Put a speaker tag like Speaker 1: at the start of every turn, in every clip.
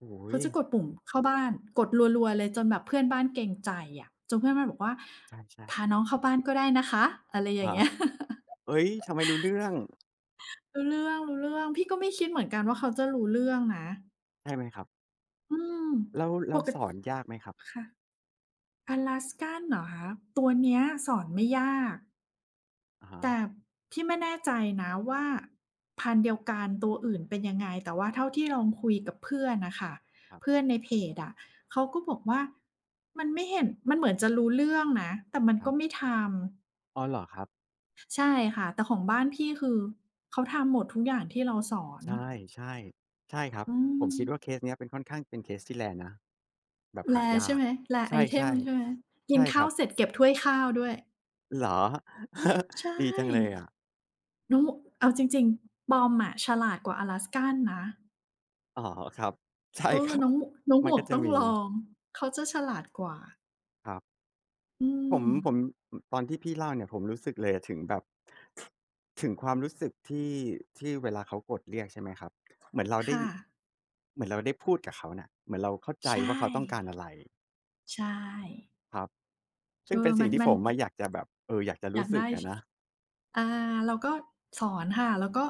Speaker 1: โอ้โ
Speaker 2: เขาจะก
Speaker 1: ฮ
Speaker 2: ดปุ่มเข้าบ้าน กดรัว ๆ เลยจนแบบเพื่อนบ้านเกรงใจอะ จนเพื่อนบ้านบอกว่า
Speaker 1: ใช่
Speaker 2: "พ
Speaker 1: ๆ
Speaker 2: าน้องเข้าบ้านก็ได้นะคะ" อะไรอย่
Speaker 1: ฮ
Speaker 2: างเ
Speaker 1: ะ
Speaker 2: งี้ย
Speaker 1: เฮ้ย! ทำไมรู้เรื่อง?
Speaker 2: รู้เรื่อง ๆ พี่ก็ไม่คิดเหมือนกันว่าเขาจะรู้เรื่องนะ
Speaker 1: ใช่ไหมครับ?
Speaker 2: อืม
Speaker 1: แล้ว แล
Speaker 2: ป
Speaker 1: ้ว
Speaker 2: ก
Speaker 1: ส
Speaker 2: ติ
Speaker 1: อนยากไหมครับ?
Speaker 2: ค่ะ Alaskan เหรอคะ? ตัวเนี้ยสอนไม่ยาก
Speaker 1: อะฮ
Speaker 2: แต่
Speaker 1: ะ
Speaker 2: พี่ไม่แน่ใจนะว่าพันธุ์เดียวกันตัวอื่นเป็นยังไง แต่ว่าเท่าที่ลองคุยกับเพื่อนน่ะค่ะ
Speaker 1: ครับ
Speaker 2: เพื่อนในเพจอะ เขาก็บอกว่ามันไม่เห็น มันเหมือนจะรู้เรื่องนะ แต่มัน
Speaker 1: ค
Speaker 2: ก
Speaker 1: รั
Speaker 2: ็
Speaker 1: บ
Speaker 2: ไม่ทำ
Speaker 1: อ๋อ เหรอครับ?
Speaker 2: ใช่ค่ะ แต่ของบ้านพี่คือเขาทำหมดทุกอย่างที่เราสอน
Speaker 1: ใช่ ๆ ใช่ครับ
Speaker 2: อื
Speaker 1: ผมคิดว่
Speaker 2: ม
Speaker 1: าเคสเนี้ยเป็นค่อนข้าง เป็นเคสที่ rare นะ แบบหา
Speaker 2: rare
Speaker 1: ย
Speaker 2: ใช
Speaker 1: า
Speaker 2: ่ไ
Speaker 1: ก
Speaker 2: หม rare
Speaker 1: ใช
Speaker 2: item
Speaker 1: ่
Speaker 2: ใช่ไหม? ก
Speaker 1: ๆ ใช
Speaker 2: ิน
Speaker 1: ่
Speaker 2: ข
Speaker 1: ค
Speaker 2: ้
Speaker 1: ร
Speaker 2: า
Speaker 1: ั
Speaker 2: ว
Speaker 1: บ
Speaker 2: เสร็จเก็บถ้วยข้าวด้วย
Speaker 1: เหรอ
Speaker 2: ใช่
Speaker 1: ดีจังเลย อะ
Speaker 2: โนะ เอาจริง ๆ Pom อะ ฉลาดกว่า Alaskan นะ
Speaker 1: อ๋อ ครับ ใช่
Speaker 2: เอ
Speaker 1: ค
Speaker 2: อ
Speaker 1: รั
Speaker 2: น
Speaker 1: บ
Speaker 2: ้อง ม น้องห
Speaker 1: ม
Speaker 2: ม
Speaker 1: ัน
Speaker 2: ว
Speaker 1: ก็
Speaker 2: ก
Speaker 1: จะ
Speaker 2: ต้อง
Speaker 1: มี
Speaker 2: ลอง เขาจะฉลาดกว่า
Speaker 1: ครับ
Speaker 2: อื
Speaker 1: ผม
Speaker 2: ม
Speaker 1: ผม อ ตอนที่พี่เล่าเนี่ย ผมรู้สึกเลยถึงแบบ ถ ถึงความรู้สึกที่ ที่เวลาเขากดเรียกใช่ไหมครับ? เหมือนเรา
Speaker 2: ค
Speaker 1: ได้
Speaker 2: ่
Speaker 1: ย
Speaker 2: ะ
Speaker 1: เหมือนเราได้พูดกับเขาน่ะ เหมือนเราเข้าใจ
Speaker 2: ใช
Speaker 1: ว่าเขาต้องการ
Speaker 2: ่
Speaker 1: อะไร
Speaker 2: ใช่
Speaker 1: ครับ ซ
Speaker 2: เ
Speaker 1: ึ
Speaker 2: อ
Speaker 1: ่งเป
Speaker 2: อ
Speaker 1: ็น ส
Speaker 2: ม
Speaker 1: ิ
Speaker 2: ั
Speaker 1: ่ง
Speaker 2: น
Speaker 1: ที่
Speaker 2: มั
Speaker 1: ผ
Speaker 2: น
Speaker 1: มอะอยากจะแบบ เออ อยากจะ
Speaker 2: อ
Speaker 1: ร
Speaker 2: ย
Speaker 1: ู
Speaker 2: า
Speaker 1: ้
Speaker 2: ก
Speaker 1: ส
Speaker 2: ไ
Speaker 1: ึ
Speaker 2: ด
Speaker 1: ก
Speaker 2: ้
Speaker 1: อ
Speaker 2: ช
Speaker 1: ะนะ
Speaker 2: อ่า เราก็สอนค่ะ แล้วก็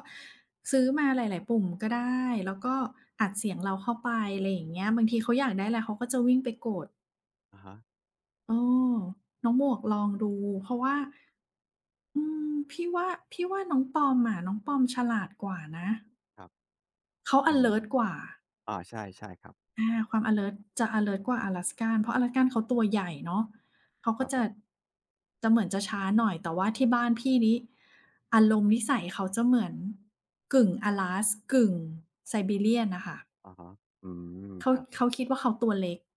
Speaker 2: ซื้อมาหลาย ๆ ปุ่มก็ได้ แล้วก็อัดเสียงเราเข้าไป ไรอย่างเงี้ย บางทีเขาอยากได้อะไรเขาก็จะวิ่งไปกด
Speaker 1: อะฮะ
Speaker 2: เออ น้องหมวกลองดู เพราะว่า อืม พี่ว่า พี่ว่าน้องปอมอะ น้องปอมฉลาดกว่านะ
Speaker 1: ครับ
Speaker 2: เขาอ
Speaker 1: อ
Speaker 2: ะ
Speaker 1: ื
Speaker 2: เล
Speaker 1: ม
Speaker 2: ิร์ตกว่า
Speaker 1: อา ใช่ ใช่ครับ
Speaker 2: อา ความอะเลิร์ตจะอะเลิร์ตกว่า Alaskan เพราะ Alaskan เขาตัวใหญ่เนาะ เขา
Speaker 1: ค
Speaker 2: ก็
Speaker 1: รับ
Speaker 2: จ
Speaker 1: ผ
Speaker 2: ะ
Speaker 1: ม
Speaker 2: จะเหมือนจะช้าหน่อย แต่ว่าที่บ้านพี่นี่ อารมณ์นิสัยเขาจะเหมือนกึ่ง Alas กึ่ง Siberian น่ะค่ะ
Speaker 1: อะฮะ อืม
Speaker 2: เขา
Speaker 1: ครับ
Speaker 2: เขาคิดว่าเขาตัวเล็ก